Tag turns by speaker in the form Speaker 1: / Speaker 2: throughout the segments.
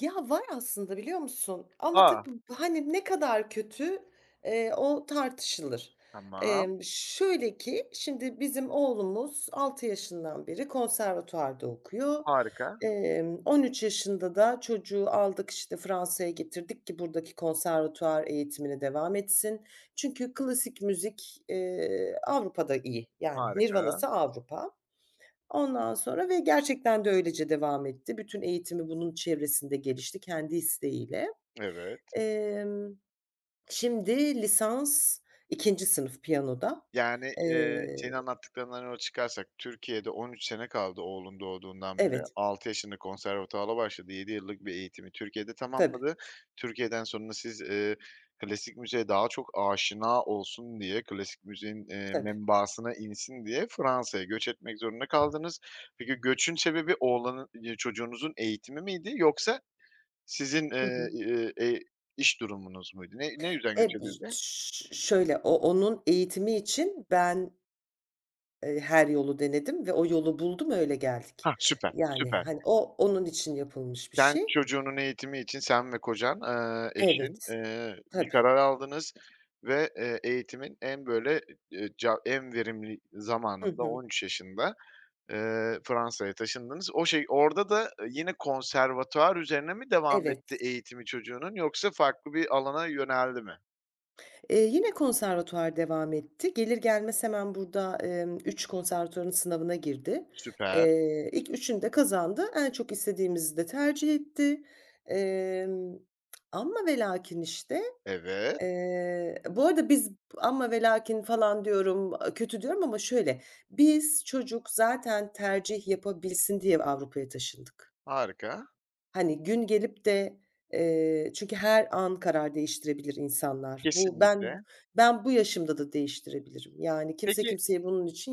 Speaker 1: Ya, var aslında biliyor musun? Ama tabii
Speaker 2: A!
Speaker 1: b hani ne kadar kötü, eee, o tartışılır.
Speaker 2: Tamam.
Speaker 1: Emm, şöyle ki şimdi bizim oğlumuz 6 yaşından beri konservatuvarda okuyor.
Speaker 2: Harika!
Speaker 1: Emm, 13 yaşında da çocuğu aldık, işte, Fransa’ya getirdik ki buradaki konservatuvar eğitimine devam etsin. Çünkü klasik müzik, eee, Avrupa’da iyi. Yani
Speaker 2: Harika!
Speaker 1: nirvanası Avrupa. Ondan sonra ve gerçekten de öylece devam etti. Bütün eğitimi bunun çevresinde gelişti kendi isteğiyle.
Speaker 2: Evet.
Speaker 1: Emm, şimdi lisans 2. sınıf piyanoda,
Speaker 2: Yani, eee,
Speaker 1: eee
Speaker 2: senin anlattıklarından yola çıkarsak Türkiye’de 13 sene kaldı oğlun doğduğundan beri.
Speaker 1: Evet.
Speaker 2: 6 yaşında konservatuvara başladı, 7 yıllık bir eğitimi Türkiye’de
Speaker 1: Tabii.
Speaker 2: tamamladı. Türkiye’den sonra siz, ııı, klasik müziğe daha çok aşina olsun diye, klasik müziğin, eee,
Speaker 1: Tabii.
Speaker 2: membasına insin diye Fransa’ya göç etmek zorunda kaldınız. Peki, göçün sebebi oğlanın ya çocuğunuzun eğitimi miydi yoksa sizin,
Speaker 1: Hı
Speaker 2: ııı,
Speaker 1: hı.
Speaker 2: ııı, eee, iş durumunuz muydu? Ne ne yüzden göç
Speaker 1: [unintelligible]
Speaker 2: edildi?
Speaker 1: Ş şöyle o onun eğitimi için ben eee, her yolu denedim ve o yolu buldum, öyle geldik.
Speaker 2: Hah, süper,
Speaker 1: Yani,
Speaker 2: süper.
Speaker 1: hani, o, onun için yapılmış bir
Speaker 2: Sen
Speaker 1: şey.
Speaker 2: çocuğunun eğitimi için sen ve kocan, eee, eşin,
Speaker 1: Evet.
Speaker 2: eee, bir
Speaker 1: Tabii.
Speaker 2: karar aldınız ve, eee, eğitimin en böyle e e ca en verimli
Speaker 1: Hı
Speaker 2: zamanında, on
Speaker 1: hı.
Speaker 2: üç yaşında, ııı, Fransa’ya taşındınız. O şey, orada da yine konservatuvar üzerine mi devam
Speaker 1: Evet.
Speaker 2: etti eğitimi çocuğunun yoksa farklı bir alana yöneldi mi?
Speaker 1: Eee, yine konservatuvar devam etti. Gelir gelmez hemen burada, emm, 3 konservatuvarın sınavına girdi.
Speaker 2: Süper.
Speaker 1: Eee, ilk 3'ünü de kazandı. En çok istediğimizi de tercih etti. Emm, amma velakin işte,
Speaker 2: Evet.
Speaker 1: eee Bu arada biz "amma velakin" falan diyorum, kötü diyorum ama şöyle, biz çocuk zaten tercih yapabilsin diye Avrupa’ya taşındık.
Speaker 2: Harika!
Speaker 1: Hani gün gelip de, eee, çünkü her an karar değiştirebilir insanlar. Bu ben
Speaker 2: Kesinlikle!
Speaker 1: ben bu yaşımda da değiştirebilirim. Yani kimse
Speaker 2: Peki
Speaker 1: kimseyi bunun için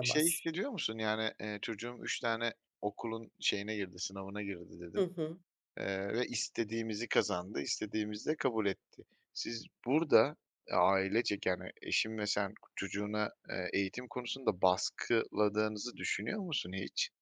Speaker 2: şey hissediyor musun yani, eee, çocuğum 3 tane okulun şeyine girdi, sınavına girdi
Speaker 1: Hı
Speaker 2: dedin,
Speaker 1: hı.
Speaker 2: eee, ve istediğimizi kazandı, istediğimizi de kabul etti. Siz burada ailecek yani eşin ve sen çocuğuna, eee, eğitim konusunda baskıladığınızı düşünüyor musun hiç?